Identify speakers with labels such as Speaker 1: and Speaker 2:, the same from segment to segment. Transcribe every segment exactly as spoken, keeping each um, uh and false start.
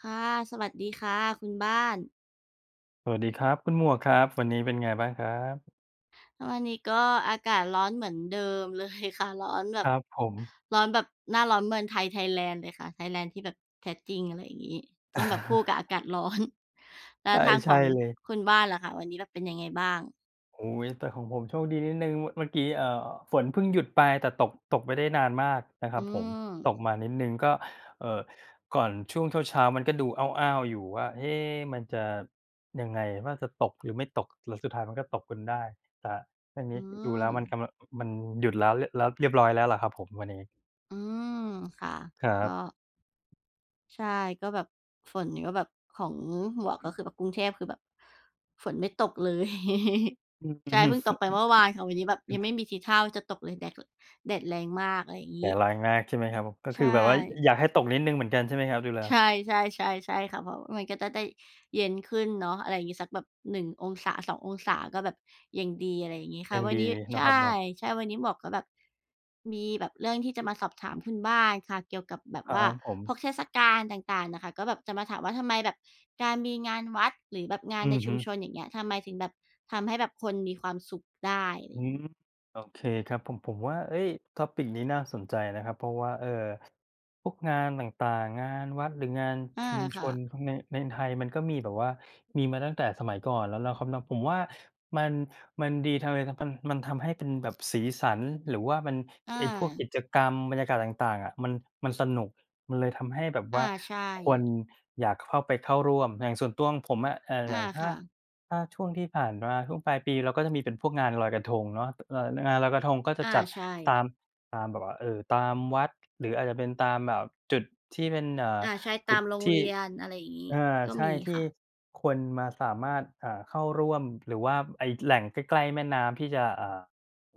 Speaker 1: ค่ะ สวัสดีค่ะคุณบ้าน
Speaker 2: สวัสดีครับคุณหมวกครับ วันนี้เป็นไงบ้างครับ?
Speaker 1: วันนี้ก็อากาศร้อนเหมือนเดิม เลย ค่ะ ร้อนแบ
Speaker 2: ค
Speaker 1: บ
Speaker 2: รับผม
Speaker 1: ร้อนแบบหน้าร้อนเมืองไทย ไทยแลนด์เลยค่ะ ไทยแลนด์ที่แบบแท้จริง อะไรอย่างงี้ ต้องแบบคู่กับอากาศ ร้อน แล้
Speaker 2: ใช
Speaker 1: ว
Speaker 2: ่
Speaker 1: ทาง
Speaker 2: ใช
Speaker 1: ข
Speaker 2: ่
Speaker 1: อง
Speaker 2: เลย
Speaker 1: คุณบ้านล่ะคะ วันนี้ล่ะเป็นยังไงบ้าง?
Speaker 2: โอ้ย แต่ของผมโชคดีนิดหนึ่ง ม เมื่อกี้ อ่า ฝนเพิ่งหยุดไป แต่ตก ตกไม่ได้นานมากนะคร
Speaker 1: อื
Speaker 2: ับผม ตก
Speaker 1: ม
Speaker 2: มานิดหนึ่ง ก็ เอ่อ ก่อนช่วงเช้า ๆ มันก็ดูอ้าว ๆ อยู่ว่า เอ มันจะยังไงว่า จะตกหรือไม่ตก แล้วสุดท้ายมันก็ตกจนได้ครับ อันน
Speaker 1: อื
Speaker 2: ี้ดูแล้วมันก
Speaker 1: ม
Speaker 2: ำลัง ม มันหยุดแล้ว ล เรียบร้อยแล้วล่ะครับผมวันนี้
Speaker 1: อืม ค่ะ
Speaker 2: ครั
Speaker 1: ก็
Speaker 2: บ
Speaker 1: ใช่ ก็แบบฝนก็แบบของหมวก คือแบบกรุงเทพ คือแบบฝนไม่ตกเลย ใช่เพิ่งตกไปเมื่อวานค่ะวันนี้แบบยังไม่มีทีท่าว่าจะตกเลย แดดก็ แดดแรงมาก อะไรอย่างง
Speaker 2: แ
Speaker 1: ี
Speaker 2: ด
Speaker 1: ้
Speaker 2: ดแรงมากใช่ไหมครับผม ก็
Speaker 1: ใ
Speaker 2: ค
Speaker 1: ช
Speaker 2: ือแบบว่า
Speaker 1: ่
Speaker 2: อยากให้ตกนิดหนึ่งเหมือนกันใช่ไหมครับ ดูแล้
Speaker 1: ใ
Speaker 2: ว?
Speaker 1: ช่ ๆ ๆ ๆ ค่ะ เพราะมันก็จะได้เย็นขึ้นเนาะ อะไรอย่างงี้สักแบบ หนึ่ง องศา สอง องศา ก็แบบยังดี อะไรอย่างงี้
Speaker 2: ก็
Speaker 1: ค่ะ
Speaker 2: ยัง
Speaker 1: วั
Speaker 2: ดี
Speaker 1: นนี้
Speaker 2: เน
Speaker 1: ใ
Speaker 2: า
Speaker 1: ช
Speaker 2: ะ
Speaker 1: ่
Speaker 2: ครับเนาะ?
Speaker 1: ใช่วันนี้หมวกก็แบบ มีแบบเรื่องที่จะมาสอบถามคุณบ้านค่ะ เกี่ยวกับแบบ
Speaker 2: ครั
Speaker 1: ว่า
Speaker 2: บผ
Speaker 1: พ
Speaker 2: ม
Speaker 1: วกเทศกาลต่าง ๆ น่ะค่ะ ก็แบบจะมาถามว่า ทำไมแบบการมีงานวัด หรือแบบงาน
Speaker 2: อ
Speaker 1: ใ
Speaker 2: ื
Speaker 1: น
Speaker 2: อ
Speaker 1: ช
Speaker 2: ฮ
Speaker 1: ุ
Speaker 2: ึ
Speaker 1: มชน อย่างเงี้ย ทำไมถึงแบบทำให้แบบคนมีความสุขได้ อะไร
Speaker 2: อื
Speaker 1: ง
Speaker 2: ม
Speaker 1: ี้?
Speaker 2: โอเคครับ ผม ผมว่า เอ๊ย Topic นี้น่าสนใจนะครับ เพราะว่า เอ่อ พวกงานต่าง ๆ งานวัดหรืองาน
Speaker 1: อา
Speaker 2: ชุมช
Speaker 1: ค่
Speaker 2: น
Speaker 1: ะ
Speaker 2: พวกเนี้ย ในไทยมันก็มีแบบว่ามีมาตั้งแต่สมัยก่อนแล้วล่ะครับเนาะ ผมว่ามัน มันดี [unintelligible] มันทำให้เป็นแบบสีสัน หรือว่ามัน
Speaker 1: อ
Speaker 2: ไอ้พวกก
Speaker 1: า
Speaker 2: ิจกรรมบรรยากาศต่าง ๆ อะ มัน มันสนุก มันเลยทำให้แบบ
Speaker 1: อ
Speaker 2: ว
Speaker 1: า
Speaker 2: ่า
Speaker 1: ใช่
Speaker 2: คนอยากเข้าไปเข้าร่วม แต่ส่วนตัวของผมอะ เอ่อ
Speaker 1: อ
Speaker 2: อย
Speaker 1: า
Speaker 2: ่างถ
Speaker 1: ค
Speaker 2: ้า
Speaker 1: ่ะ
Speaker 2: ถ้าช่วงที่ผ่านมาช่วงปลายปี เราก็จะมีเป็นพวกงานลอยกระทงเนาะ เอ่อ งานลอยกระทงก็จะ
Speaker 1: อา
Speaker 2: จัด
Speaker 1: ใช
Speaker 2: ต
Speaker 1: ่
Speaker 2: าม ตามแบบว่า เอ่อ ตามวัด หรืออาจจะเป็นตามแบบจุดที่เป็น อ่า
Speaker 1: อา ใช่
Speaker 2: จ
Speaker 1: ต
Speaker 2: ุ
Speaker 1: า
Speaker 2: ด
Speaker 1: มโรง
Speaker 2: ที
Speaker 1: เ
Speaker 2: ่
Speaker 1: รียน อะไรอย่างงี้
Speaker 2: เออ
Speaker 1: ก็
Speaker 2: ใช
Speaker 1: ม
Speaker 2: ่
Speaker 1: ี
Speaker 2: ที
Speaker 1: ค
Speaker 2: ่
Speaker 1: ่ะ
Speaker 2: คนมาสามารถ อ่า เข้าร่วม หรือว่าไปแหล่งใกล้ ๆ แม่น้ำที่จะ อ่า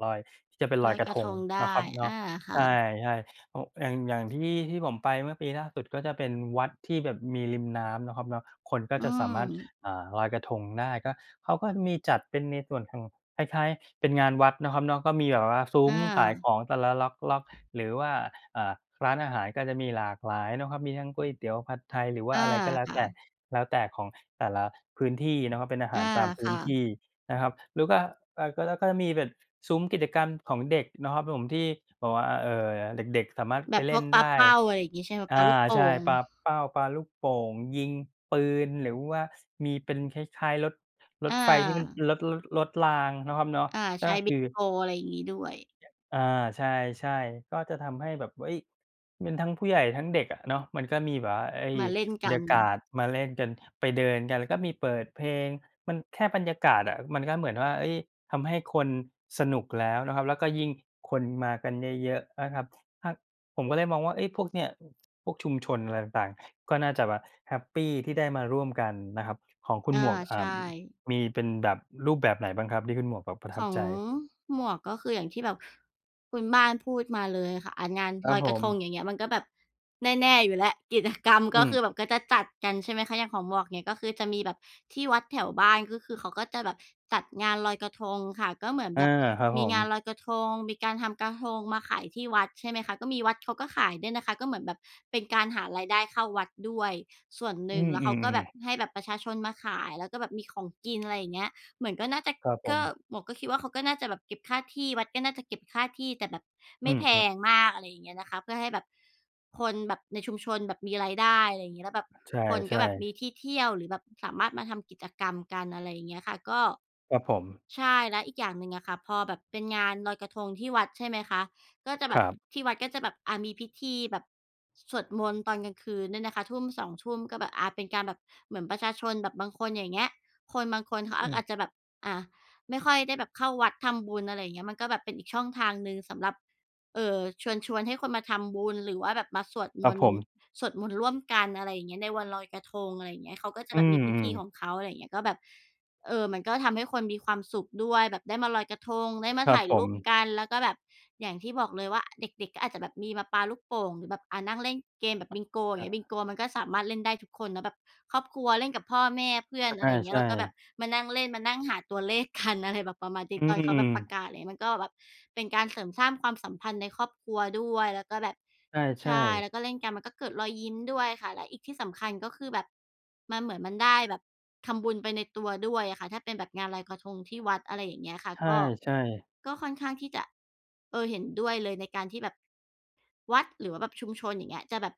Speaker 2: ลอย ที่จะไปล
Speaker 1: ล
Speaker 2: อย
Speaker 1: อย
Speaker 2: กร
Speaker 1: ก
Speaker 2: ะ
Speaker 1: ร
Speaker 2: ท
Speaker 1: ะท
Speaker 2: ง
Speaker 1: งได
Speaker 2: นะ
Speaker 1: ้
Speaker 2: ครับเนา
Speaker 1: อ
Speaker 2: ะ
Speaker 1: า ค
Speaker 2: ใ
Speaker 1: ่
Speaker 2: ช่
Speaker 1: ะ
Speaker 2: ใช่ ครับผม อย่าง อย่างที่ ที่ผมไปเมื่อปีล่าสุดก็จะเป็นวัดที่แบบมีริมน้ำเนาะครับเนาะ คนก็
Speaker 1: อื
Speaker 2: จะสามารถ
Speaker 1: ม
Speaker 2: อ่า ลอยกระทงได้ ก็ เขาก็มีจัดเป็นในส่วนของคล้าย ๆ เป็นงานวัดเนาะครับเนาะ ก็มีแบบว่าซุ้
Speaker 1: อ
Speaker 2: ม
Speaker 1: า
Speaker 2: ขายของแต่ละล็อก ๆ หรือว่า อ่า ร้านอาหารก็จะมีหลากหลายเนาะครับ มีทั้งก๋วยเตี๋ยว ผัดไทย หรือว่
Speaker 1: อ
Speaker 2: า
Speaker 1: า
Speaker 2: อะไรก็แล้ว
Speaker 1: ค่
Speaker 2: แต่
Speaker 1: ะ
Speaker 2: แล้วแต่ของแต่ละพื้นที่เนาะครับ เป็นอาห
Speaker 1: อ
Speaker 2: า
Speaker 1: า
Speaker 2: รตามพื
Speaker 1: ค
Speaker 2: ้น
Speaker 1: ่
Speaker 2: ท
Speaker 1: ะ
Speaker 2: ี่นะครับ แล้วก็ อะ ก็จะ ก็จะมีแบบซุ้มกิจกรรมของเด็กเนาะครับผมที่แบบว่าอะ เอ่อ เด็ก ๆ สามารถ
Speaker 1: แ
Speaker 2: ไ
Speaker 1: บ
Speaker 2: ป
Speaker 1: บ
Speaker 2: เล
Speaker 1: พ
Speaker 2: ่
Speaker 1: วก
Speaker 2: น
Speaker 1: ปา
Speaker 2: ได
Speaker 1: เ
Speaker 2: ้
Speaker 1: ป้า อะไรอย่างงี้ ใช่ไหม?
Speaker 2: อ่
Speaker 1: ป
Speaker 2: า
Speaker 1: าลูกโป่
Speaker 2: ใช่
Speaker 1: ง
Speaker 2: ปาเป้าปาลูกโป่ง ยิงปืน หรือว่ามีเป็นคล้าย ๆ รถ ร
Speaker 1: อ
Speaker 2: ถไฟที่มัน
Speaker 1: า
Speaker 2: รถ รถ รถรางเนาะครับเนาะ
Speaker 1: อา
Speaker 2: ก
Speaker 1: ใ
Speaker 2: ็
Speaker 1: ช่ บ
Speaker 2: ค
Speaker 1: ิ
Speaker 2: ื
Speaker 1: ง
Speaker 2: อ
Speaker 1: โก อะไรอย่างงี้ด้วย
Speaker 2: อา ใช่ ๆ ก็จะทำให้แบบ เอ๊ย มันทั้งผู้ใหญ่ทั้งเด็กอะเนาะ มันก็มีแบบว่า เอ๊ย
Speaker 1: มาเล่น
Speaker 2: บร
Speaker 1: ก
Speaker 2: ร
Speaker 1: ั
Speaker 2: ย
Speaker 1: น
Speaker 2: ากาศมาเล่นกัน ไปเดินกัน แล้วก็มีเปิดเพลง มันแค่บรรยากาศอะ มันก็เหมือนว่า เอ๊ย ทำให้คนสนุกแล้วเนาะครับ แล้วก็ยิ่งคนมากันเยอะ ๆ อะครับ ถ้า ผมก็เลยมองว่า เอ๊ย พวกเนี้ยพวกชุมชนอะไรต่าง ๆ ก็น่าจะแบบแฮปปีที่ได้มาร่วมกันนะครับ ของคุ
Speaker 1: อ
Speaker 2: ณ
Speaker 1: า
Speaker 2: หมวก อ
Speaker 1: ใ
Speaker 2: ่
Speaker 1: ช
Speaker 2: า
Speaker 1: ่
Speaker 2: มีเป็นแบบรูปแบบไหนบ้างครับ ที่คุณหมวกแบบประท
Speaker 1: ข
Speaker 2: ับ
Speaker 1: อง
Speaker 2: ใจ?
Speaker 1: หมวก ก็คืออย่างที่แบบคุณบ้านพูดมาเลยค่ะ อะ งาน
Speaker 2: ครั
Speaker 1: ล
Speaker 2: บ
Speaker 1: อย
Speaker 2: ผ
Speaker 1: กระทง
Speaker 2: ม
Speaker 1: อย่างเงี้ย มันก็แบบแน่ ๆ อยู่แล้วกิจกรรม
Speaker 2: อ
Speaker 1: ก็ค
Speaker 2: ืม
Speaker 1: ือแบบ ก็จะจัดกัน ใช่ไหมคะ อย่างของหมวกนี่ ก็คือจะมีแบบที่วัดแถวบ้าน ก็คือเขาก็จะแบบจัดงานลอยกระทงค่ะ ก็เหมือน
Speaker 2: อา
Speaker 1: แบบ
Speaker 2: ครับ
Speaker 1: ม
Speaker 2: ผ
Speaker 1: ี
Speaker 2: ม
Speaker 1: งานลอยกระทงมีการทำกระทงมาขายที่วัด ใช่ไหมคะ? ก็มีวัดเขาก็ขายด้วยนะคะ ก็เหมือนแบบเป็นการหารายได้เข้าวัดด้วยส่วนห
Speaker 2: อ
Speaker 1: น
Speaker 2: ื
Speaker 1: ึ่ง แล้วเขา
Speaker 2: ม
Speaker 1: ก็แบ
Speaker 2: ๆ ๆ
Speaker 1: บให้แบบประชาชนมาขาย แล้วก็แบบมีของกิน อะไรอย่างเงี้ย เหมือนก็น่าจะ
Speaker 2: ครับผ
Speaker 1: ก็
Speaker 2: ม
Speaker 1: หมวกก็คิดว่าเขาก็น่าจะแบบเก็บค่าที่ วัดก็น่าจะเก็บค่าที่ แต่แบบไ
Speaker 2: อ
Speaker 1: ม
Speaker 2: ื
Speaker 1: ่
Speaker 2: อ
Speaker 1: แพ
Speaker 2: ฮึ
Speaker 1: งมาก อะไรอย่างเนี้ยนะคะ เพื่อให้แบบคนแบบในชุมชนแบบมีรายได้ อะไรอย่างงี้ แล้วแบบ
Speaker 2: ใ
Speaker 1: คน
Speaker 2: ช
Speaker 1: ก็
Speaker 2: ่
Speaker 1: แบบม
Speaker 2: ๆ
Speaker 1: ีที่เที่ยว หรือแบบสามารถมาทำกิจกรรมกัน อะไรอย่างเงี้ยค่ะ ก็
Speaker 2: ครับผม
Speaker 1: ใช่ แล้วอีกอย่างหนึ่งอะค่ะ พอแบบเป็นงานลอยกระทงที่วัด ใช่ไหมคะ? ก็จะแ
Speaker 2: ค
Speaker 1: บ
Speaker 2: ร
Speaker 1: บ
Speaker 2: ับ
Speaker 1: ที่วัดก็จะแบบ อะ มีพิธีแบบสวดมนต์ตอนกลางคืนเนี่ยนะคะทุ่ม สอง ทุ่ม ก็แบบ อา เป็นการแบบเหมือนประชาชนแบบบางคนอย่างเงี้ย คนบางคนเขา
Speaker 2: อ
Speaker 1: อ
Speaker 2: ื
Speaker 1: ะ
Speaker 2: ม
Speaker 1: อาจจะแบบ อะ ไม่ค่อยได้แบบเข้าวัดทำบุญ อะไรอย่างเงี้ย มันก็แบบเป็นอีกช่องทางหนึ่งสำหรับ เอ่อ เชิญชวนให้คนมาทำบุญ หรือว่าแบบมาสวด
Speaker 2: ค
Speaker 1: ม
Speaker 2: รับ
Speaker 1: น
Speaker 2: ผ
Speaker 1: ต์
Speaker 2: ม
Speaker 1: สวดมนต์ร่วมกัน อะไรอย่างเงี้ย ในวันลอยกระทง อะไรอย่างเงี้ย เขาก็จะ
Speaker 2: อื
Speaker 1: แบบมีพิธีข
Speaker 2: ม ๆ
Speaker 1: องเขา อะไรอย่างเงี้ย ก็แบบ เอ่อ มันก็ทำให้คนมีความสุขด้วยแบบได้มาลอยกระทง ได้ม
Speaker 2: ค
Speaker 1: า
Speaker 2: รั
Speaker 1: ถ
Speaker 2: บ
Speaker 1: ่าย
Speaker 2: ผ
Speaker 1: รูป
Speaker 2: ม
Speaker 1: กัน แล้วก็แบบ อย่างที่บอกเลยว่าเด็ก ๆ ก็อาจจะแบบมีปาลูกโป่ง หรือแบบ อ่า นั่งเล่นเกมส์แบบบิงโกอย
Speaker 2: ค
Speaker 1: ่า
Speaker 2: ร
Speaker 1: งเงี้ย
Speaker 2: ับ
Speaker 1: บิงโกมันก็สามารถเล่นได้ทุกคนเนาะแบบครอบครัวเล่นกับพ่อแม่ เพื่อ
Speaker 2: อ
Speaker 1: น
Speaker 2: อ
Speaker 1: อะไ
Speaker 2: า
Speaker 1: รอย่างเงี้
Speaker 2: ใช
Speaker 1: ย เราก็แบ
Speaker 2: ่
Speaker 1: บมานั่งเล่น มานั่งหาตัวเลข กัน อะไรแบบประมาณน
Speaker 2: อ
Speaker 1: ี้
Speaker 2: ื
Speaker 1: ต
Speaker 2: ม
Speaker 1: อนเข
Speaker 2: อ
Speaker 1: า
Speaker 2: ื
Speaker 1: แบ
Speaker 2: อ
Speaker 1: บประกาศ ไรเงี้ย มันก็แบบเป็นการเสริมสร้างความสัมพันธ์ในครอบครัวด้วยแล้วก็แบบ
Speaker 2: ใ
Speaker 1: ใ
Speaker 2: ช
Speaker 1: ช
Speaker 2: ่
Speaker 1: ่ แ
Speaker 2: ๆ
Speaker 1: ล้วก็เล่นกันมันก็เกิดรอยยิ้มด้วยค่ะ และอีก ที่สำคัญก็คือ แบบ มันเหมือนมันได้แบบทำบุญไปในตัวด้วยอะค่ะ ถ้าเป็นแบบงานลอยกระทงที่วัด อะไรอย่างเงี้ยค่ะ
Speaker 2: ใ
Speaker 1: ก็
Speaker 2: ช่ ๆ
Speaker 1: ก็ค่อนข้างที่จะ เออ เห็นด้วยเลยในการที่แบบวัด หรือว่าแบบชุมชน อย่างเงี้ย จะแบบ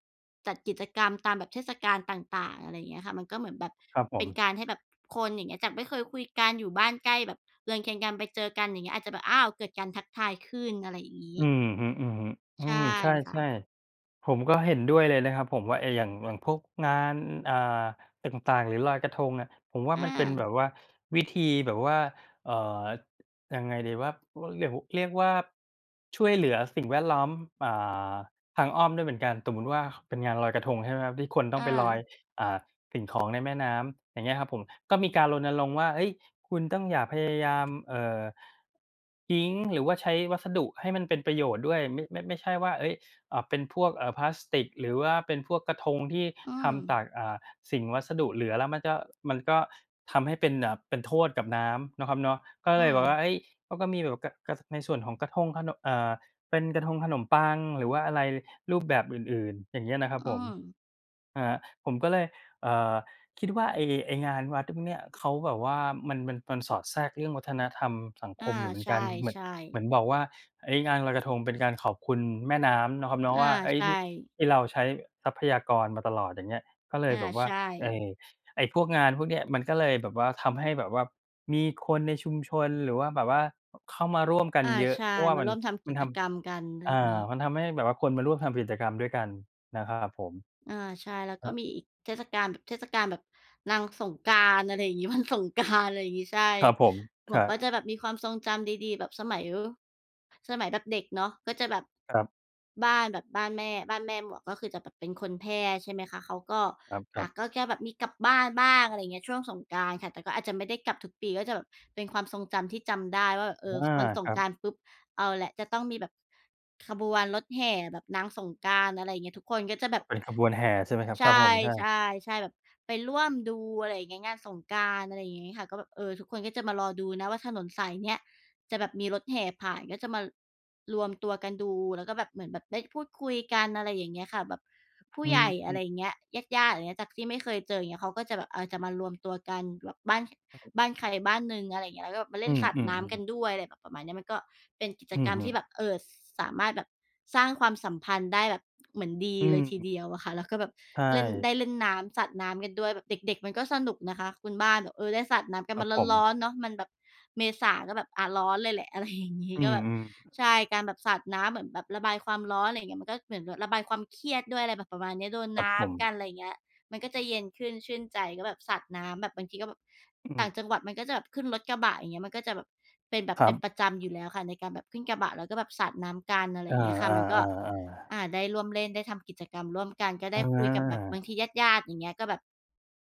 Speaker 1: จัดกิจกรรมตามแบบเทศกาลต่าง ๆ อะไรอย่างเงี้ยค่ะ มันก็เหมือนแบบ
Speaker 2: ครับผ
Speaker 1: เป็น
Speaker 2: ม
Speaker 1: การให้แบบคนอย่างเงี้ย จากไม่เคยคุยกันอยู่บ้านใกล้แบบเรือนเคียงกัน ไปเจอกันอย่างเงี้ยอาจจะแบบ อ้าว เกิดการทักทายขึ้น อะไรอย่างงี
Speaker 2: อ
Speaker 1: ้
Speaker 2: ือฮึ อือฮึ อ
Speaker 1: ใช
Speaker 2: ื
Speaker 1: ่
Speaker 2: ม ใช
Speaker 1: ค่
Speaker 2: ่
Speaker 1: ะ
Speaker 2: ๆ ผมก็เห็นด้วยเลยนะครับผมว่าไอ้อย่าง อย่างพวกงาน อ่า ต่าง ๆ หรือลอยกระทงอะ ผมว่า
Speaker 1: อ
Speaker 2: มันเป็นแบ
Speaker 1: า
Speaker 2: บว่า วิธีแบบว่า อ่า ยังไงดีว่า ร เรียก เรียกว่า ช่วยเหลือสิ่งแวดล้อม อ่า ทางอ้อมด้วยเหมือนกัน สมมติว่า เป็นงานลอยกระทง ใช่ไหมครับ? ที่คนต้อ
Speaker 1: อ
Speaker 2: งไปลอย
Speaker 1: า
Speaker 2: อ่า สิ่งของในแม่น้ำอย่างเงี้ยครับผม ก็มีการรณรงค์ว่า เอ๊ย คุณต้องอย่าพยายาม เอ่อ ทิ้งหรือว่าใช้วัสดุให้มันเป็นประโยชน์ด้วย ไม่ ไม่ ไม่ใช่ว่า เอ๊ย อะ เป็นพวก เอ่อ พลาสติก หรือว่าเป็นพวกกระทงที่
Speaker 1: อื
Speaker 2: ทำต
Speaker 1: ม
Speaker 2: าก อ่า สิ่ง วัสดุเหลือแล้วมันก็ มันก็ทำให้เป็น อ่า เป็นโทษกับน้ำเนาะครับเนาะ ก็
Speaker 1: อื
Speaker 2: เลยแบบว่า
Speaker 1: ม
Speaker 2: เอ๊ย เขาก็มีแบบ ก ก ในส่วนของกระทงขนม อ่า เป็นกระทงขนมปัง หรือว่าอะไรรูปแบบอื่น ๆ อย่างเนี้ยนะครับ
Speaker 1: อื
Speaker 2: ผม
Speaker 1: ม
Speaker 2: อ่า ผมก็เลย อ่า คิดว่า ไอ้ ไอ้งานวัดพวกเนี้ย เขาแบบว่า มัน มัน มันสอดแทรกเรื่องวัฒนธรรมสัง
Speaker 1: อ
Speaker 2: ค
Speaker 1: า
Speaker 2: มอยู่เหมือ
Speaker 1: ใ
Speaker 2: น
Speaker 1: ช
Speaker 2: กัน เหมือน
Speaker 1: ่
Speaker 2: เหม
Speaker 1: ๆ
Speaker 2: ือนบอกว่า เอ๊ย งานลอยกระทง เป็นการขอบคุณแม่น้ำเนาะครับเนาะ
Speaker 1: อ
Speaker 2: ว
Speaker 1: า
Speaker 2: ่า เอ๊ย
Speaker 1: ใช
Speaker 2: ที่
Speaker 1: ่
Speaker 2: ที่เราใช้ทรัพยากรมาตลอดอย่างเงี้ย ก็เล
Speaker 1: อ
Speaker 2: ย
Speaker 1: า
Speaker 2: แบบว่
Speaker 1: ใ
Speaker 2: า
Speaker 1: ช
Speaker 2: ไอ้
Speaker 1: ่
Speaker 2: ไอ้พวกงานพวกเนี้ย มันก็เลยแบบว่าทำให้แบบว่ามีคนในชุมชน หรือว่าแบบว่าเข้ามาร่วมกัน
Speaker 1: อา
Speaker 2: เยอะ
Speaker 1: ใช่
Speaker 2: เพราะว่า
Speaker 1: ม
Speaker 2: ม
Speaker 1: า
Speaker 2: ั
Speaker 1: ร
Speaker 2: น
Speaker 1: ่วมทำ
Speaker 2: ม
Speaker 1: ก
Speaker 2: ัน
Speaker 1: ิ
Speaker 2: ท
Speaker 1: จกรรมกัน ไร
Speaker 2: ำ อ่
Speaker 1: งี
Speaker 2: า
Speaker 1: ้
Speaker 2: มันทำให้แบบว่าคนมาร่วมทำกิจกรรมด้วยกันนะครับผม
Speaker 1: อา ใช่ แล้ว
Speaker 2: ค
Speaker 1: ก
Speaker 2: ร
Speaker 1: ็
Speaker 2: ับ
Speaker 1: มีอีกเทศกาล แบบเทศกาลแบบนางสงกรานต์ อะไรอย่างงี้ วันสงกรานต์ อะไรอย่างงี้ ใช่
Speaker 2: ครับผม
Speaker 1: หม
Speaker 2: คร
Speaker 1: วก
Speaker 2: ั
Speaker 1: ก็จ
Speaker 2: บ
Speaker 1: ะแบบความทรงจำดี ๆ แบบสมัย ว สมัยแบบเด็กเนาะ ก็จะแบบ
Speaker 2: ครับ
Speaker 1: บ้านแบบบ้านแม่ บ้านแม่หมวก ก็คือแบบเป็นคนแพร่ ใช่ไหมคะ เขาก็
Speaker 2: ครับ ค
Speaker 1: อ
Speaker 2: ร
Speaker 1: ่
Speaker 2: ั
Speaker 1: า
Speaker 2: บ
Speaker 1: ก็แกแบบมีกลับบ้านบ้าง อะไรเงี้ย ช่วงสงกรานต์ค่ะ แต่ก็อาจไม่ได้กลับทุกปี ก็จะแบบเป็นความทรงจำที่จำได้ว่าแบบ เ
Speaker 2: อ
Speaker 1: ออ
Speaker 2: า
Speaker 1: วันส
Speaker 2: ค
Speaker 1: ง
Speaker 2: รั
Speaker 1: ก
Speaker 2: บ
Speaker 1: รานต์ปุ๊บเอาแหละจะต้องมีแบบขบวนรถแห่แบบนางสงกรานต์ อะไรเงี้ย ทุกคนก็จะแบบ
Speaker 2: เป็นขบวนแห่ใช่ไหมครับ?
Speaker 1: ใช
Speaker 2: ครับผม ใช่
Speaker 1: ่ ๆ ๆ แบบไปร่วมดู อะไรเงี้ย งานสงกรานต์ อะไรอย่างงี้ค่ะ ก็แบบ เออ ทุกคนก็จะมารอดูนะว่า ถนนสายเนี้ย จะแบบมีรถแห่ผ่าน ก็จะมารวมตัวกันดู แล้วก็แบบเหมือนแบบได้พูดคุยกัน อะไรอย่างเงี้ยค่ะ แบบผู
Speaker 2: อ
Speaker 1: ้
Speaker 2: ื
Speaker 1: ใหญ่ อะไร
Speaker 2: ม
Speaker 1: เงี้ย ญาติ ๆ อะไรอย่างเงี้ย จากที่ไม่เคยเจอ อย่างเงี้ย เขาก็จะแบบ เออ จะมารวมตัวกันบ้าน บ้านใครบ้านหนึ่ง อะไรเงี้ย แล้วก็แบบไปเล
Speaker 2: อื
Speaker 1: ่น
Speaker 2: ม
Speaker 1: สาดน้ำก
Speaker 2: ๆ ๆ
Speaker 1: ันด้วย อะไรแบบประมาณนี้ มันก็เป็นกิจ
Speaker 2: อื
Speaker 1: ก
Speaker 2: อ
Speaker 1: รรม
Speaker 2: ฮึ
Speaker 1: ที่แบบ เอ่อ สามารถแบบสร้างความสัมพันธ์ได้แบบเหมือนดี
Speaker 2: อื
Speaker 1: เล
Speaker 2: ม
Speaker 1: ยทีเดียวอะค่ะ แล้วก็แบบ
Speaker 2: ใช
Speaker 1: เล่น ไ
Speaker 2: ่
Speaker 1: ด้เล่นน้ำสาดน้ำกันด้วยแบบเด็ก ๆ มันก็สนุกนะคะคุณบ้านแบบ เออ ได้สาดน้ำกัน
Speaker 2: คร
Speaker 1: มั
Speaker 2: ั
Speaker 1: น
Speaker 2: บผม
Speaker 1: ร้อน ๆ เนาะ มันแบบเมษาเนาะแบบ อะ ร้อนเลยแหละ อะไรอย่างงี้
Speaker 2: อื
Speaker 1: ก็
Speaker 2: ม
Speaker 1: แบบ
Speaker 2: อือ
Speaker 1: ใช่ การแบบสาดน้ำเหมือนแบบระบายความร้อน อะไรอย่างเงี้ย มันก็หมือนแบบระบายความเครียดด้วย อะไรแบบประมาณเนี้ย โดน
Speaker 2: คร
Speaker 1: น
Speaker 2: ับ
Speaker 1: ้
Speaker 2: ผ
Speaker 1: ำก
Speaker 2: ม
Speaker 1: ัน อะไรเงี้ย มันก็จะเย็นขึ้นชื่นใจ แล้วแบบสาดน้ำแบบบางทีก็แบบ
Speaker 2: อื
Speaker 1: ต่า
Speaker 2: ม
Speaker 1: งจังหวัดมันก็จะแบบขึ้นรถกระบะ อย่างเงี้ย มันก็แบบ เป็นแบบ
Speaker 2: คร
Speaker 1: เ
Speaker 2: ั
Speaker 1: ป็น
Speaker 2: บ
Speaker 1: ประจำอยู่แล้วค่ะ ในการแบบขึ้นกระบะแล้วก็แบบสาดน้ำกัน อะไร
Speaker 2: อ
Speaker 1: อ
Speaker 2: า
Speaker 1: ย่างเงี้ยค่ะ มันก็ อ
Speaker 2: ๆ ๆ ๆ
Speaker 1: า ได้ร่วมเล่นได้ทำกิจกรรมร่วมกัน ก็ได
Speaker 2: อ
Speaker 1: ้คุยกับแบบบา
Speaker 2: า
Speaker 1: งทีญาติ ๆ อย่างงี้ก็แบบ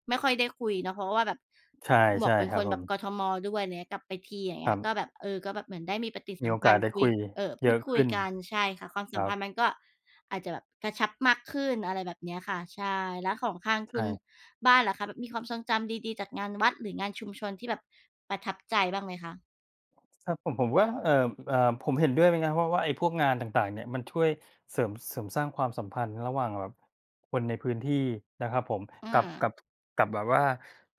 Speaker 1: ไม่ค่อยได้คุยเนาะ เพราะว่าแบบ
Speaker 2: ใช
Speaker 1: หมว
Speaker 2: ่
Speaker 1: กเป็
Speaker 2: ๆ
Speaker 1: น
Speaker 2: ครั
Speaker 1: ค
Speaker 2: บ
Speaker 1: น
Speaker 2: ผ
Speaker 1: แบบ
Speaker 2: ม
Speaker 1: กทม. ด้วยเงี้ย กลับไปที อย่างเ
Speaker 2: ค
Speaker 1: งี
Speaker 2: ร
Speaker 1: ้
Speaker 2: ั
Speaker 1: ย
Speaker 2: บ
Speaker 1: ก็แบบ เออ ก็แบบเหมือนได้มีปฏิ
Speaker 2: ม
Speaker 1: ส
Speaker 2: ี
Speaker 1: ั
Speaker 2: โอ
Speaker 1: มพ
Speaker 2: ก
Speaker 1: ั
Speaker 2: าส
Speaker 1: นธ
Speaker 2: ได
Speaker 1: ์
Speaker 2: ้
Speaker 1: คุ
Speaker 2: ค
Speaker 1: ย
Speaker 2: ุย
Speaker 1: เอ่อ พ
Speaker 2: เย
Speaker 1: ู
Speaker 2: อะ
Speaker 1: ดค
Speaker 2: ข
Speaker 1: ุย
Speaker 2: ึ้น
Speaker 1: กัน ใช่ค่ะ ความส
Speaker 2: ค
Speaker 1: ั
Speaker 2: ร
Speaker 1: ม
Speaker 2: ั
Speaker 1: พั
Speaker 2: บ
Speaker 1: นธ์มันก็อาจจะแบบกระชับมากขึ้น อะไรแบบเนี้ยค่ะ ใช่ แล้วของทาง
Speaker 2: ใช
Speaker 1: คุณ
Speaker 2: ่
Speaker 1: บ้านล่ะคะแบบมีความทรงจำดี ๆ จากงานวัด หรืองานชุมชนที่แบบประทับใจบ้างไหมคะ?
Speaker 2: สำหรับผม ผมว่า เอ่อ อ่า ผมเห็นด้วยนะครับ เพราะว่าไอ้พวกงานต่าง ๆ เนี่ยมันช่วยเสริม เสริมสร้างความสัมพันธ์ระหว่างแบบคนในพื่้นที่นะครับผม
Speaker 1: อื
Speaker 2: กับ กั
Speaker 1: อ
Speaker 2: บ กับ แบบว่า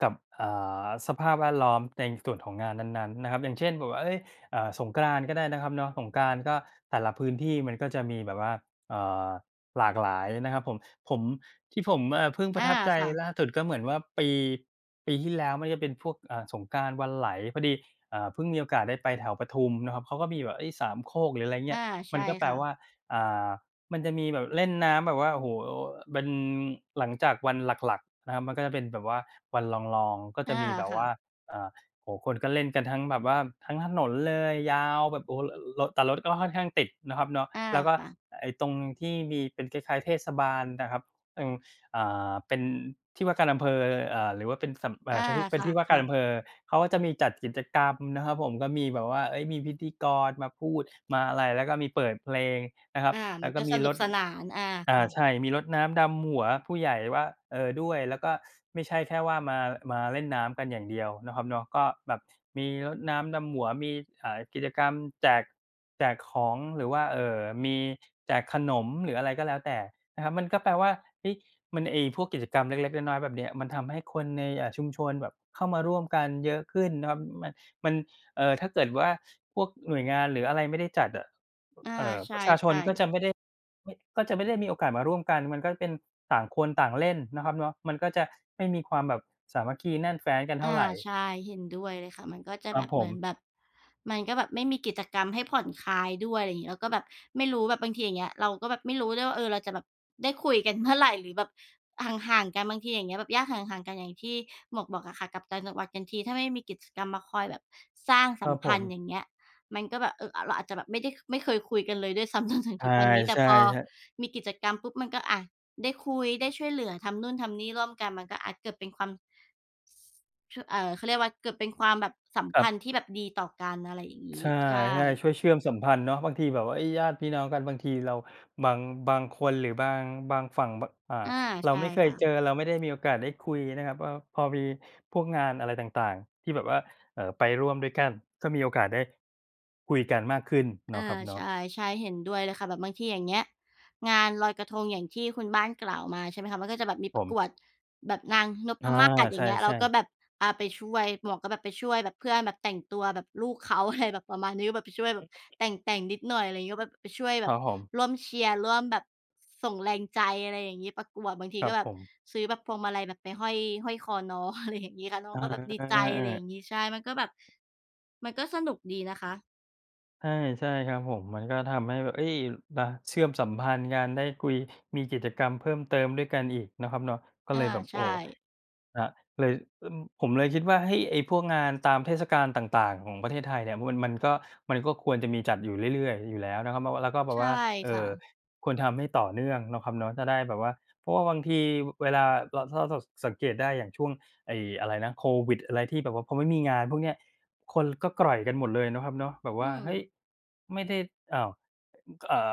Speaker 2: กับ อ่า สภาพแวดล้อมในส่วนของงานนั้น ๆ นะครับ อย่างเช่น แบบว่า เอ๊ย อ่า สงกรานต์ก็ได้เนาะครับเนาะ สงกรานต์ ก็แต่ละพื้นที่มันก็จะมีแบบว่า เอ่อ หลากหลายนะครับผม ผม ที่ผม อ่า เพิ่งป
Speaker 1: อ
Speaker 2: ระ
Speaker 1: า
Speaker 2: ทับใจ
Speaker 1: ค่ะ
Speaker 2: ล่าสุดก็เหมือนว่าปี ปีที่แล้วมันก็จะเป็นพวก อ่า สงกรานต์วันไหล พอดี อ่า เพิ่งมีโอกาสได้ไปแถวปทุมนะครับ เขาก็มีแบบ เอ๊ย สามโคก หรืออะไรเง
Speaker 1: อ
Speaker 2: ี้
Speaker 1: า
Speaker 2: ย
Speaker 1: ใ
Speaker 2: ม
Speaker 1: ช
Speaker 2: ัน
Speaker 1: ่
Speaker 2: ก็แป
Speaker 1: ค
Speaker 2: ล
Speaker 1: ่ะ
Speaker 2: ว่า อ่า มันจะมีแบบเล่นน้ำแบบว่า โอ้โฮ เป็นหลังจากวันหลัก ๆ นะครับ มันก็จะเป็นแบบว่าวันรอง ๆ ก็จ
Speaker 1: อ
Speaker 2: ะ
Speaker 1: า
Speaker 2: มีแบบ
Speaker 1: ค
Speaker 2: ว
Speaker 1: ่
Speaker 2: ่า
Speaker 1: ะ
Speaker 2: อ่า โอ้ คนก็เล่นกันทั้งแบบว่าทั้งถนนเลยยาวแบบ โอ้ รถ แต่รถก็่ค่อนข้างติดเนาะครับเนาะ
Speaker 1: อา
Speaker 2: แล้วก็
Speaker 1: ค่ะ
Speaker 2: ไอ้ตรงที่มีเป็นคล้าย ๆ เทศบาลนะครับ อืม อ่า เป็นที่ว่าการอำเภอ อ่า หรือว่าเป็นสำ เอ
Speaker 1: อ
Speaker 2: ่อ
Speaker 1: า
Speaker 2: เป็
Speaker 1: ค
Speaker 2: น
Speaker 1: ่
Speaker 2: ท
Speaker 1: ะ
Speaker 2: ี่ว่า
Speaker 1: ค
Speaker 2: กา
Speaker 1: ่
Speaker 2: ร
Speaker 1: ะ
Speaker 2: อำเภอ เขาก็จะมีจัดกิจกรรมนะครับผม ก็มีแบบว่า เอ๊ย มีพิธีกรมาพูดมาอะไร แล้วก็มีเปิดเพลงนะครับ
Speaker 1: อา
Speaker 2: แล
Speaker 1: ม
Speaker 2: ้
Speaker 1: ั
Speaker 2: ว
Speaker 1: น
Speaker 2: ก็
Speaker 1: ก็
Speaker 2: มี
Speaker 1: สน
Speaker 2: ร
Speaker 1: ุก
Speaker 2: ด
Speaker 1: สนาน อา
Speaker 2: อ่
Speaker 1: ค่
Speaker 2: า
Speaker 1: ะ
Speaker 2: ใช่ มีรดน้ำดำหัวผู้ใหญ่ว่า เออ ด้วย แล้วก็ไม่ใช่แค่ว่ามา มาเล่นน้ำกันอย่างเดียวเนาะครับเนาะ ก็แบบมีรดน้ำดำหัว มี อ่า กิจกรรมแจก แจกของ หรือว่า เอ่อ มีแจกขนม หรืออะไรก็แล้วแต่นะครับ มันก็แปลว่า เอ๊ย มัน ไอ้พวกกิจกรรมเล็ก ๆ น้อย ๆ แบบเนี้ย มันทำให้คนใน อ่า ชุมชนแบบเข้ามาร่วมกันเยอะขึ้นนะครับ ม มัน เอ่อ ถ้าเกิดว่าพวกหน่วยงานหรืออะไรไม่ได้จัดอะ
Speaker 1: อา
Speaker 2: เอ่อ
Speaker 1: ใ
Speaker 2: ประชาช
Speaker 1: ช
Speaker 2: น
Speaker 1: ่
Speaker 2: ก็
Speaker 1: ๆ
Speaker 2: จะไม่ได้ ไม่ ก็จะไม่ได้มีโอกาสมาร่วมกัน มันก็เป็นต่างคนต่างเล่นเนาะครับเนาะ มันก็จะไม่มีความแบบสามัคคีแน่นแฟ้นกันเ
Speaker 1: อ
Speaker 2: ท่า
Speaker 1: า
Speaker 2: ไร
Speaker 1: ใช่เห็นด้วยเลยค่ะ มันก็จะ
Speaker 2: คร
Speaker 1: แ
Speaker 2: ั
Speaker 1: บ
Speaker 2: บ
Speaker 1: บ
Speaker 2: ผ
Speaker 1: เหม
Speaker 2: ม
Speaker 1: ือนแบบ มันก็แบบไม่มีกิจกรรมให้ผ่อนคลายด้วย อะไรอย่างงี้ แล้วก็แบบไม่รู้ แบบบางทีอย่างเงี้ย เราก็ไม่รู้ด้วยว่า เออ เราจะแบบได้คุยกันเมื่อไหร่ หรือแบบห่าง ๆ กันบางที อย่างเงี้ย แบบญาติห่าง ๆ กันอย่างที่หมวกบอกอะค่ะ กลับต่างจังหวัดกันที ถ้าไม่มีกิจกรรมมาคอยแบบสร้าง
Speaker 2: ค
Speaker 1: ส
Speaker 2: ร
Speaker 1: ั
Speaker 2: ั
Speaker 1: ม
Speaker 2: บ
Speaker 1: พ
Speaker 2: ผ
Speaker 1: ันธ์
Speaker 2: ม
Speaker 1: อย่างเงี้ย มันก็แบบ เออ อะ เราอาจจะแบบไม่ได้ไม่เคยคุยกันเลย ด้วยซ้ำจนถึง
Speaker 2: ใช
Speaker 1: ท
Speaker 2: ่
Speaker 1: ุกวันนี้ แต
Speaker 2: ใ
Speaker 1: ่
Speaker 2: ช่
Speaker 1: พอ
Speaker 2: ครับ
Speaker 1: มีกิจกรรมปุ๊บมันก็ อะ ได้คุยได้ช่วยเหลือทำโน่นทำนี่ร่วมกันมันก็ อะ เกิดเป็นความ ช เอ่อ เขาเรียกว่าเกิดเป็นความแบบสัม
Speaker 2: ค
Speaker 1: พ
Speaker 2: รับ
Speaker 1: ันธ์ที่แบบดีต่อกัน อะไรอย่างง
Speaker 2: ใช
Speaker 1: ี้
Speaker 2: ่
Speaker 1: ใช่
Speaker 2: ๆ ช่วยเชื่อมสัมพันธ์เนาะบางทีแบบว่า เอ๊ย ญาติพี่น้องกันบางทีเราบาง บางคน หรือบาง บางฝั่ง บ อ่า
Speaker 1: อา
Speaker 2: เรา
Speaker 1: ใช่
Speaker 2: ไม่เคย
Speaker 1: ค่
Speaker 2: เจ
Speaker 1: ะ
Speaker 2: อเราไม่ได้มีโอกาสได้คุยนะครับว่า พอมีพวกงานอะไรต่าง ๆ ที่แบบว่า เอ่อ ไปร่วมด้วยกันก็มีโอกาสได้คุยกันมากขึ้นเน
Speaker 1: อ
Speaker 2: า
Speaker 1: า
Speaker 2: ะครับเนา
Speaker 1: ใช
Speaker 2: ะ
Speaker 1: ่ ใช่ เห็นด้วยเลยค่ะแบบบางทีอย่างเงี้ย งานลอยกระทงอย่างที่คุณบ้านกล่าวมา ใช่ไหมคะ? มันก็จะมีแบบป
Speaker 2: ผ
Speaker 1: ระก
Speaker 2: ม
Speaker 1: วดแบบนางน
Speaker 2: อ
Speaker 1: พ
Speaker 2: า
Speaker 1: มาศ อ
Speaker 2: ใ
Speaker 1: ย
Speaker 2: ช
Speaker 1: ่างเงี้ย เรา
Speaker 2: ่
Speaker 1: ก็
Speaker 2: ๆ
Speaker 1: แบบ อ่า ไปช่วย หมวกก็แบบไปช่วยแบบเพื่อนแบบแต่งตัวแบบลูกเขาแบบ อะไร แบบประมาณนี้ ก็แบบช่วยแ
Speaker 2: อ
Speaker 1: บบ
Speaker 2: ืม
Speaker 1: แต่ง ๆ นิดหน่อย อะไรเงี้ย แบบไปช่วยแ
Speaker 2: ค
Speaker 1: บ
Speaker 2: ร
Speaker 1: บ
Speaker 2: ับผม
Speaker 1: ร่วมเชียร์ร่วมแบบส่งแรงใจ อะไรอย่างงี้ ประกวดบางที
Speaker 2: ค
Speaker 1: ก็
Speaker 2: รับ
Speaker 1: แบบ
Speaker 2: ผม
Speaker 1: ซื้อแบบพวงมาลัยแบบไปห้อย ห้อยคอน้อง อะไรอย่างงี้ค่ะ แล้ว
Speaker 2: อ
Speaker 1: น้อ
Speaker 2: า
Speaker 1: งก็แบบดี
Speaker 2: เอ
Speaker 1: ใจ
Speaker 2: อ
Speaker 1: อะไรอย่
Speaker 2: ๆ ๆ
Speaker 1: างงี้ ใช่ มันก็แบบ มันก็สนุกดีนะคะ
Speaker 2: ใช่ ๆ ครับผม มันก็ทำให้แบบ เอ๊ย อะ เชื่อมสัมพันธ์กันได้คุย มีกิจกรรมเพิ่มเติมด้วยกันอีกนะครับเนาะ ก็
Speaker 1: อ
Speaker 2: เ
Speaker 1: า
Speaker 2: ลยแบบ
Speaker 1: ใช
Speaker 2: โอ้
Speaker 1: ่
Speaker 2: อะ เลย ล ผมเลยคิดว่า เฮ้ย ไอ้พวกงานตามเทศกาลต่าง ๆ ของประเทศไทยเนี่ยว่ามัน มันก็ มันก็ควรจะมีจัดอยู่เรื่อย ๆ อยู่แล้วเนาะครับเนาะ แล้วก็แบ
Speaker 1: ใช
Speaker 2: บ
Speaker 1: ่
Speaker 2: ว่า เอ
Speaker 1: ค
Speaker 2: ่
Speaker 1: ่
Speaker 2: อ
Speaker 1: ะ
Speaker 2: ควรทำให้ต่อเนื่องเนาะครับเนาะ จะได้แบบว่า เพราะว่าบางที ว เวลาเรา ถ้าเรา ถ้าเราสังเกตได้อย่างช่วงไอ้อะไรนะ โควิด อะไรที่แบบว่าพอไม่มีงานพวกเนี้ย คนก็กร่อยกันหมดเลยเนาะครับเนาะแบบว
Speaker 1: อื
Speaker 2: ่า เฮ้ย
Speaker 1: ม
Speaker 2: ไม่ได้ อ้าว อ ก อ่า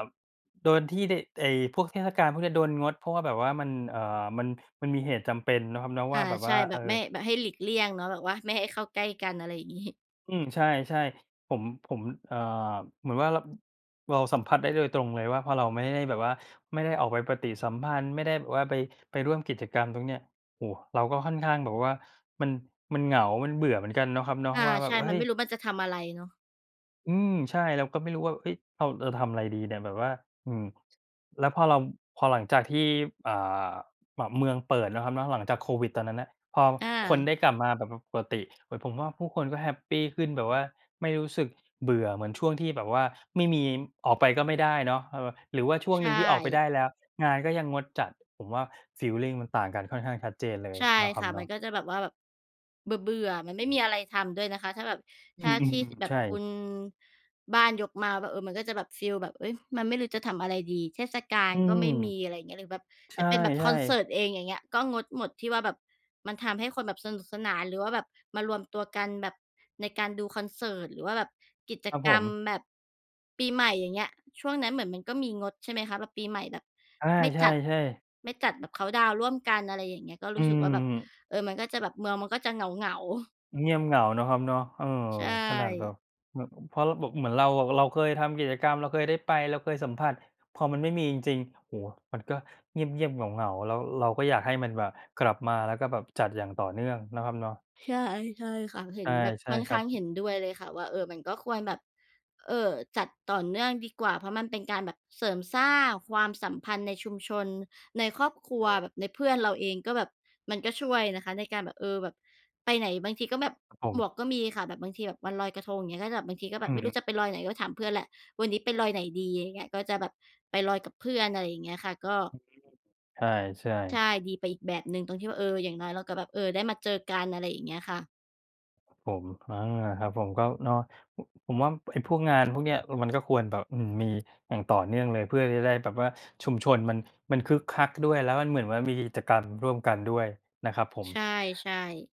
Speaker 2: โดนที่ได้ ไอ้พวกเทศกาลพวกเนี้ยโดนงด เพราะว่าแบบว่ามัน อ่า มัน มันมีเหตุจำเป็นเนาะครับเนาะ
Speaker 1: อ
Speaker 2: ว่
Speaker 1: า
Speaker 2: าแบบ
Speaker 1: ใ
Speaker 2: ว
Speaker 1: ช
Speaker 2: ่
Speaker 1: ่
Speaker 2: า
Speaker 1: แ
Speaker 2: เ
Speaker 1: บ
Speaker 2: อ
Speaker 1: บไ
Speaker 2: อ
Speaker 1: ม่ แบบให้หลีกเลี่ยงเนาะ แบบว่าไม่ให้เข้าใกล้กัน อะไรอย่าง งี้
Speaker 2: อืม ใช่ ๆ ผม ผม อ่า เหมือนว่า ร เราสัมผัสได้โดยตรงเลยว่า พอเราไม่ได้แบบว่าไม่ได้ออกไปปฏิสัมพันธ์ ไม่ได้แบบว่าไป ไปร่วมกิจกรรมตรงเนี้ย โอ้ เราก็ค่อนข้างแบบว่ามัน มันเหงา มันเบื่อเหมือนกันนะครับเนาะ
Speaker 1: ค่ะ
Speaker 2: แบ
Speaker 1: ใช
Speaker 2: บ
Speaker 1: ่
Speaker 2: ว่า เ
Speaker 1: ม
Speaker 2: ฮ
Speaker 1: ั
Speaker 2: ้
Speaker 1: น
Speaker 2: ย
Speaker 1: ไม่รู้มันจะทำอะไรเนาะ
Speaker 2: อืม ใช่ แล้วก็ไม่รู้ว่า เฮ้ย เรา เราทำอะไรดีเนี่ยแบบว่า อืม แล้วพอเรา พอหลังจากที่ อ่า ม เมืองเปิดเนาะครับเนาะ หลังจากโควิดตอนนั้นน่ะ พอ
Speaker 1: อ
Speaker 2: คน
Speaker 1: า
Speaker 2: ได้กลับมาแบบ ป ปรกติ ผมว่าผู้คนก็แฮปปีขึ้นแบบว่า ไม่รู้สึกเบื่อเหมือนช่วงที่แบบว่าไม่มี ออกไปก็ไม่ได้เนาะ เออ หรือว่าช่วง
Speaker 1: ใช
Speaker 2: หนึ่งที่ออกไปได
Speaker 1: ่
Speaker 2: ้แล้วงานก็ยังงดจัด ผมว่าฟีลลิงมันต่างกันค่อนข้างชัดเจนเลย
Speaker 1: ใช่
Speaker 2: เนาะคร
Speaker 1: ค
Speaker 2: ับ
Speaker 1: ่ะ
Speaker 2: เน
Speaker 1: มั
Speaker 2: า
Speaker 1: น
Speaker 2: ะ
Speaker 1: ก็จะแบบว่าแบบเบื่อ ๆ มันไม่มีอะไรทำด้วยนะคะ ถ้าแบบ
Speaker 2: อื
Speaker 1: ถ้าท
Speaker 2: ม
Speaker 1: ี่
Speaker 2: ๆ
Speaker 1: แบ
Speaker 2: ๆ ใ
Speaker 1: บ
Speaker 2: ช
Speaker 1: คุ
Speaker 2: ่
Speaker 1: ณบ้านยกมาว่า เออ มันก็จะแบบ ฟีลแบบ เอ๊ย มันไม่รู้จะทำอะไรดี เทศกา
Speaker 2: อ
Speaker 1: ล
Speaker 2: ื
Speaker 1: ก็
Speaker 2: ม
Speaker 1: ไม่มี อะไรอย่างเงี้ย หรือแบบ
Speaker 2: ใช
Speaker 1: จะเป็นแบบค
Speaker 2: ่
Speaker 1: อนเสิร
Speaker 2: ๆ
Speaker 1: ์ตเอง อย่างเงี้ย ก็งดหมดที่ว่าแบบมันทำให้คนแบบสนุกสนาน หรือว่าแบบมารวมตัวกันแบบในการดูคอนเสิร์ต หรือว่าแบบกิจ
Speaker 2: ครับ
Speaker 1: ก
Speaker 2: ผ
Speaker 1: รรม
Speaker 2: ม
Speaker 1: แบบปีใหม่ อย่างเงี้ย ช่วงนั้นเหมือนมันก็มีงด ใช่ไหมคะ? แบบปีใหม่แบบ
Speaker 2: ใช
Speaker 1: ไม่จัด
Speaker 2: ่ ๆ ๆ
Speaker 1: ไม่จัดแบบเคานต์ดาวน์ร่วมกัน อะไรอย่างเงี้ย ก็
Speaker 2: อื
Speaker 1: รู้สึกว่าแบบ
Speaker 2: ม
Speaker 1: เออ มันก็จะแบบเมืองมันก็จะเหงา ๆ
Speaker 2: เงียบเหงาเนาะครับเนาะ เออ
Speaker 1: ใช
Speaker 2: ขนาดแบ
Speaker 1: ่
Speaker 2: บ อ เพราะเราแบบเหมือนเราอะ เราเคยทำกิจกรรม เราเคยได้ไป เราเคยสัมผัส พอมันไม่มีจริง ๆ โอ้ มันก็เงียบ ๆ เหงา ๆ แล้วเราก็อยากให้มันแบบกลับมา แล้วก็แบบจัดอย่างต่อเนื่องเนาะครับเนาะ
Speaker 1: ใช่ ๆ ค่ะ เห็
Speaker 2: ใช
Speaker 1: น
Speaker 2: ่
Speaker 1: แบบ
Speaker 2: ใช่
Speaker 1: ค่อน
Speaker 2: ค
Speaker 1: ข
Speaker 2: รั
Speaker 1: ้างเห
Speaker 2: บ
Speaker 1: ็นด้วยเลยค่ะ ว่า เออ เป็นก็ควรแบบ เอ่อ จัดต่อเนื่องดีกว่า เพราะมันเป็นการแบบเสริมสร้างความสัมพันธ์ในชุมชน ในครอบครั
Speaker 2: ใช
Speaker 1: ว
Speaker 2: ่
Speaker 1: แบบในเพื่อนเราเอง ก็แบบมันก็ช่วยนะคะ ในการแบบ เออ แบบไปไหนบางทีก็แบบ
Speaker 2: ครับผ
Speaker 1: ห
Speaker 2: ม
Speaker 1: มวกก็มีค่ะ แบบบางทีแบบวันลอยกระทงอย่างงี้ ก็จะแบบบางทีก็แบ
Speaker 2: อื
Speaker 1: บไม่ร
Speaker 2: ม
Speaker 1: ู้จะไปลอยไหนก็ไปถามเพื่อนแหละ "วันนี้ไปลอยไหนดี" อย่างเงี้ย ก็จะแบบไปลอยกับเพื่อน อะไรอย่างเงี้ยค่ะ ก็
Speaker 2: อือฮึ ใช่ ใช่
Speaker 1: ใช่ ดีไปอีกแบบหนึ่งตรงที่ว่า เออ อย่างน้อยแล้วก็แบบ เอ่อ ได้มาเจอกัน อะไรอย่างเงี้ยค่ะ
Speaker 2: ผม อา ครับผม ก็เนาะ ผ ผมว่าไอพวกงานพวกเนี้ยมันก็ควรแบบ อืม มีอย่างต่อเนื่องเลย เพื่อที่จะได้แบบว่าชุมชนมัน มันคึกคักด้วย แล้วมันเหมือนว่ามีกิจกรรมร่วมกันด้วยนะครับผม
Speaker 1: ใช่ ๆ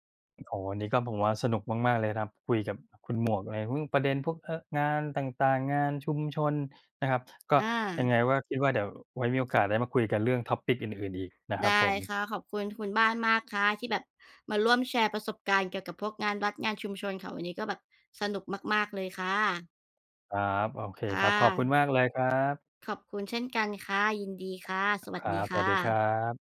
Speaker 2: โอ้ วันนี้ก็ ผมว่าสนุกมาก ๆ เลยครับคุยกับคุณหมวกในเรื่องประเด็นพวก เอ่อ งานต่าง ๆ งานชุมชนนะครับ ก็
Speaker 1: อ
Speaker 2: ยั
Speaker 1: า
Speaker 2: งไงก็ว่า คิดว่าเดี๋ยวไว้มีโอกาสได้มาคุยกันเรื่อง Topic อื่น ๆ อีกนะคร
Speaker 1: ไ
Speaker 2: ั
Speaker 1: ด
Speaker 2: บ
Speaker 1: ้
Speaker 2: ผม
Speaker 1: ค่ะ ขอบคุณ คุณบ้านมากค่ะ ที่แบบมาร่วมแชร์ประสบการณ์เกี่ยวกับพวกงานวัด งานชุมชนค่ะ วันนี้ก็แบบสนุกมาก ๆ เลยค่ะ
Speaker 2: ครับ โอเค
Speaker 1: ค่
Speaker 2: ครับ ขอบคุ
Speaker 1: ะ
Speaker 2: ณมากเลยครับ
Speaker 1: ขอบคุณเช่นกันค่ะ ยินดีค่ะ สว
Speaker 2: ค
Speaker 1: ัส
Speaker 2: รั
Speaker 1: ดี
Speaker 2: บ ส
Speaker 1: ค
Speaker 2: ว
Speaker 1: ่
Speaker 2: ัสดีครั
Speaker 1: ะ
Speaker 2: บ